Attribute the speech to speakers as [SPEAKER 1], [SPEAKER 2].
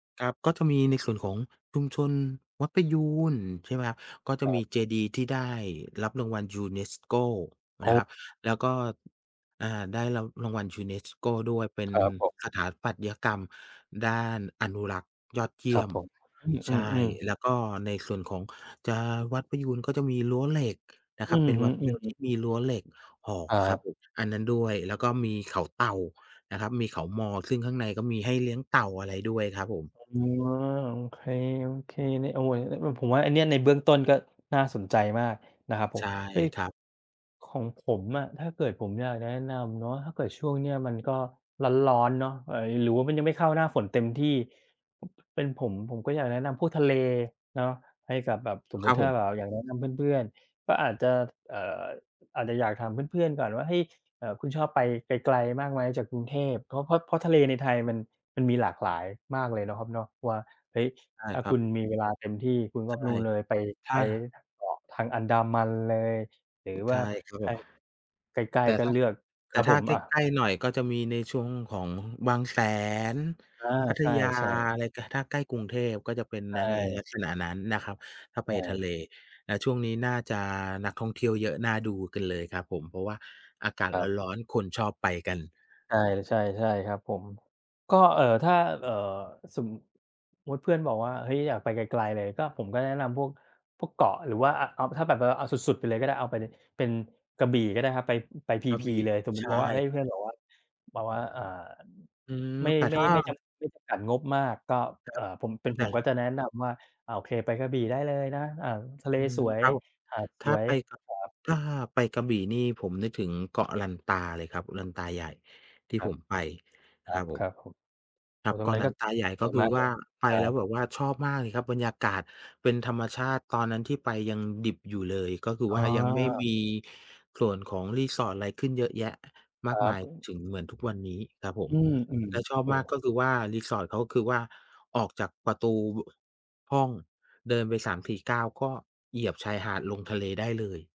[SPEAKER 1] ครับ ก็จะมีในส่วนของชุมชนวัดประยูร ใช่ไหมครับ ก็จะ
[SPEAKER 2] ค
[SPEAKER 1] มี
[SPEAKER 2] รับ
[SPEAKER 1] เจดีย์ที่ได้รับรางวัล UNESCO
[SPEAKER 2] อ
[SPEAKER 1] น
[SPEAKER 2] ้
[SPEAKER 1] ะค
[SPEAKER 2] อ
[SPEAKER 1] รับ แล้วก็ อ่า ได้รับรางวัล UNESCO ด้วย เป็
[SPEAKER 2] ค
[SPEAKER 1] น
[SPEAKER 2] รับผม
[SPEAKER 1] สถาปัตยกรรมด้านอนุรักษ์ยอดเย
[SPEAKER 2] ค
[SPEAKER 1] ี
[SPEAKER 2] ร
[SPEAKER 1] ่
[SPEAKER 2] ั
[SPEAKER 1] ย
[SPEAKER 2] บ
[SPEAKER 1] ม
[SPEAKER 2] ผม อ
[SPEAKER 1] ใ
[SPEAKER 2] ื
[SPEAKER 1] ช่
[SPEAKER 2] ม ๆ ๆ
[SPEAKER 1] แล้วก็ในส่วนของ จะ วัดประยูร ก็จะมีรั้วเหล็กนะ
[SPEAKER 2] อ
[SPEAKER 1] ค
[SPEAKER 2] ื
[SPEAKER 1] รับ เ
[SPEAKER 2] อ
[SPEAKER 1] ป็น
[SPEAKER 2] ฮึ
[SPEAKER 1] วัดเดียวที
[SPEAKER 2] ๆ
[SPEAKER 1] ่มีรั้วเหล็กออก
[SPEAKER 2] ครั
[SPEAKER 1] ครับ
[SPEAKER 2] บ
[SPEAKER 1] ผม อันนั้นด้วย แล้วก็มีเขาเต่านะครับ มีเขามอ ซึ่งข้างในก็มีให้เลี้ยงเต่า อะไรด้วยครับผม
[SPEAKER 2] อ๋อ โอเค ๆ [unintelligible] อ ผมว่าอันนี้ในเบื้องต้นก็น่าสนใจมากนะครับผ
[SPEAKER 1] ใ
[SPEAKER 2] ม
[SPEAKER 1] ช่
[SPEAKER 2] เฮ้ย
[SPEAKER 1] ครับ
[SPEAKER 2] ของผมอะ ถ้าเกิดผมอยากจะแนะนำเนาะ ถ้าเกิดช่วงเนี้ยมันก็ร้อน ๆ เนาะ ไอ้ หรือว่ามันยังไม่เข้าหน้าฝนเต็มที่ เป็นผมผมก็อยากแนะนำพวกทะเลเนาะ ให้กับแบบ สมมุ
[SPEAKER 1] คร
[SPEAKER 2] ต
[SPEAKER 1] ั
[SPEAKER 2] ิ
[SPEAKER 1] บ
[SPEAKER 2] ถ้
[SPEAKER 1] ผ
[SPEAKER 2] า
[SPEAKER 1] ม
[SPEAKER 2] แบบ อ อยากแนะนำเพื่อน ๆ ก็อาจจะ เอ่อ อาจจะอยากถามเพื่อน ๆ ก่อนว่า "เฮ้ย อ่า คุณชอบไปไกล ๆ มากไหมจากกรุงเทพ" เพราะ เพราะ เพราะทะเลในไทยมัน มันมีหลากหลายมากเลยเนาะครับเนาะว่า เฮ้ย
[SPEAKER 1] ใช่
[SPEAKER 2] ถ้า
[SPEAKER 1] คร
[SPEAKER 2] ค
[SPEAKER 1] ั
[SPEAKER 2] ุ
[SPEAKER 1] บ
[SPEAKER 2] ณมีเวลาเต็มที่คุณก
[SPEAKER 1] ใ
[SPEAKER 2] ็
[SPEAKER 1] ช่
[SPEAKER 2] นู่นเลยไป
[SPEAKER 1] ถ
[SPEAKER 2] ไ
[SPEAKER 1] ้
[SPEAKER 2] ป
[SPEAKER 1] า
[SPEAKER 2] เกาะทางอันดามันเลย หรือว
[SPEAKER 1] ใช
[SPEAKER 2] ่า
[SPEAKER 1] ่ครับ
[SPEAKER 2] ถ
[SPEAKER 1] ผ
[SPEAKER 2] ้า
[SPEAKER 1] ม
[SPEAKER 2] ใกล
[SPEAKER 1] แ
[SPEAKER 2] ้
[SPEAKER 1] ต่
[SPEAKER 2] ๆ ก็
[SPEAKER 1] ถ้า
[SPEAKER 2] เลือก
[SPEAKER 1] แ
[SPEAKER 2] ค
[SPEAKER 1] ต่
[SPEAKER 2] รับ
[SPEAKER 1] ถ้
[SPEAKER 2] ผ
[SPEAKER 1] า
[SPEAKER 2] ม
[SPEAKER 1] ใก
[SPEAKER 2] อา
[SPEAKER 1] ล้ ๆ หน่อยก็จะมีในช่วงของบางแสน
[SPEAKER 2] อา
[SPEAKER 1] พัท
[SPEAKER 2] ใช
[SPEAKER 1] ยา
[SPEAKER 2] ่ ๆ
[SPEAKER 1] อะไร ก ถ้าใกล้กรุงเทพก็จะ
[SPEAKER 2] ใช
[SPEAKER 1] เป็นใน ล
[SPEAKER 2] ่
[SPEAKER 1] ักษณะนั้นนะครับ ถ้า
[SPEAKER 2] ใ
[SPEAKER 1] ไ
[SPEAKER 2] ช
[SPEAKER 1] ปทะ
[SPEAKER 2] ่
[SPEAKER 1] เล ณ ช่วงนี้น่าจะนักท่องเที่ยวเยอะน่าดูกันเลยครับผม เพราะว่าอากาศ
[SPEAKER 2] ครับ
[SPEAKER 1] ร้อน ๆ คนชอบไปกัน
[SPEAKER 2] ใช่ ๆ ใช่ครับผม ก็ เอ่อ ถ้า เอ่อ สมมุติเพื่อนบอกว่า เฮ้ย อยากไปไกล ๆ เลย ก็ ผมก็แนะนำพวก พวกเกาะ หรือว่า อ เอา ถ้าแบบ เวลาเอาสุด ๆ ไปเลยก็ได้ เอาไปเลย เป็นกระบี่ก็ได้ครับ ไป อ ไปพี
[SPEAKER 1] กระ
[SPEAKER 2] พี
[SPEAKER 1] บี่
[SPEAKER 2] เลย สมมุ
[SPEAKER 1] ใ
[SPEAKER 2] ต
[SPEAKER 1] ช
[SPEAKER 2] ิบอกว่า เฮ้
[SPEAKER 1] ่
[SPEAKER 2] ย เพื่อนบอกว่า แบบว่า อ่า
[SPEAKER 1] อืม
[SPEAKER 2] ไม่
[SPEAKER 1] แต่
[SPEAKER 2] ไม
[SPEAKER 1] ถ
[SPEAKER 2] ่
[SPEAKER 1] ้า
[SPEAKER 2] ไม่จำกัด ไม่จำกัดงบมาก ก็
[SPEAKER 1] คร
[SPEAKER 2] อ
[SPEAKER 1] ั
[SPEAKER 2] ่า
[SPEAKER 1] บ
[SPEAKER 2] ผม เป็น
[SPEAKER 1] แ
[SPEAKER 2] ผ
[SPEAKER 1] ต่
[SPEAKER 2] มก็จะแนะนำว่า อา โอเค ไปกระบี่ได้เลยนะ อา ทะเล
[SPEAKER 1] อื
[SPEAKER 2] ส
[SPEAKER 1] ม
[SPEAKER 2] วย
[SPEAKER 1] ครับผม
[SPEAKER 2] หาดส
[SPEAKER 1] ถ้า
[SPEAKER 2] วย
[SPEAKER 1] ไปกระ
[SPEAKER 2] ครับ
[SPEAKER 1] ถ้าไปกระบี่นี่ผมนึกถึงเกาะลันตาเลยครับ ลันตาใหญ่ ที่
[SPEAKER 2] ครั
[SPEAKER 1] ผ
[SPEAKER 2] บ
[SPEAKER 1] มไปน
[SPEAKER 2] ค
[SPEAKER 1] ะ
[SPEAKER 2] ร
[SPEAKER 1] คร
[SPEAKER 2] ั
[SPEAKER 1] ั
[SPEAKER 2] บ
[SPEAKER 1] บผ
[SPEAKER 2] ค
[SPEAKER 1] ม
[SPEAKER 2] รับผม
[SPEAKER 1] ค
[SPEAKER 2] โ
[SPEAKER 1] ร
[SPEAKER 2] อ
[SPEAKER 1] ั
[SPEAKER 2] ้
[SPEAKER 1] บ
[SPEAKER 2] โฮ ตร
[SPEAKER 1] เก
[SPEAKER 2] ง
[SPEAKER 1] า
[SPEAKER 2] นั
[SPEAKER 1] ะ
[SPEAKER 2] ้น
[SPEAKER 1] ลั
[SPEAKER 2] ก็
[SPEAKER 1] นตาใหญ่
[SPEAKER 2] ส
[SPEAKER 1] ก็
[SPEAKER 2] วย
[SPEAKER 1] ค
[SPEAKER 2] ม
[SPEAKER 1] ื
[SPEAKER 2] า
[SPEAKER 1] อ
[SPEAKER 2] ก
[SPEAKER 1] ว
[SPEAKER 2] เล
[SPEAKER 1] ่า
[SPEAKER 2] ย
[SPEAKER 1] ไป
[SPEAKER 2] ครั
[SPEAKER 1] แล้ว
[SPEAKER 2] บ
[SPEAKER 1] แบบว่าชอบมากเลยครับ บรรยากาศเป็นธรรมชาติ ตอนนั้นที่ไปยังดิบอยู่เลย ก็คือ
[SPEAKER 2] อ๋
[SPEAKER 1] ว่ายังไม่
[SPEAKER 2] อ
[SPEAKER 1] มีส่วนของ resort อะไรขึ้นเยอะแยะม
[SPEAKER 2] ค
[SPEAKER 1] า
[SPEAKER 2] ร
[SPEAKER 1] ก
[SPEAKER 2] ั
[SPEAKER 1] มาย
[SPEAKER 2] บ
[SPEAKER 1] ถึง เหมือนทุกวันนี้ครับผ
[SPEAKER 2] อ
[SPEAKER 1] ม
[SPEAKER 2] ืม
[SPEAKER 1] แล้วชอบ
[SPEAKER 2] ๆ โอ้
[SPEAKER 1] ม
[SPEAKER 2] โ
[SPEAKER 1] าก
[SPEAKER 2] ฮ
[SPEAKER 1] ก็คือว่า resort เขาก็คือว่าออกจากประตู ว ห้องเดินไป 3-4 ก้าว ก็เหยียบชายหาดลงทะเลได้เลย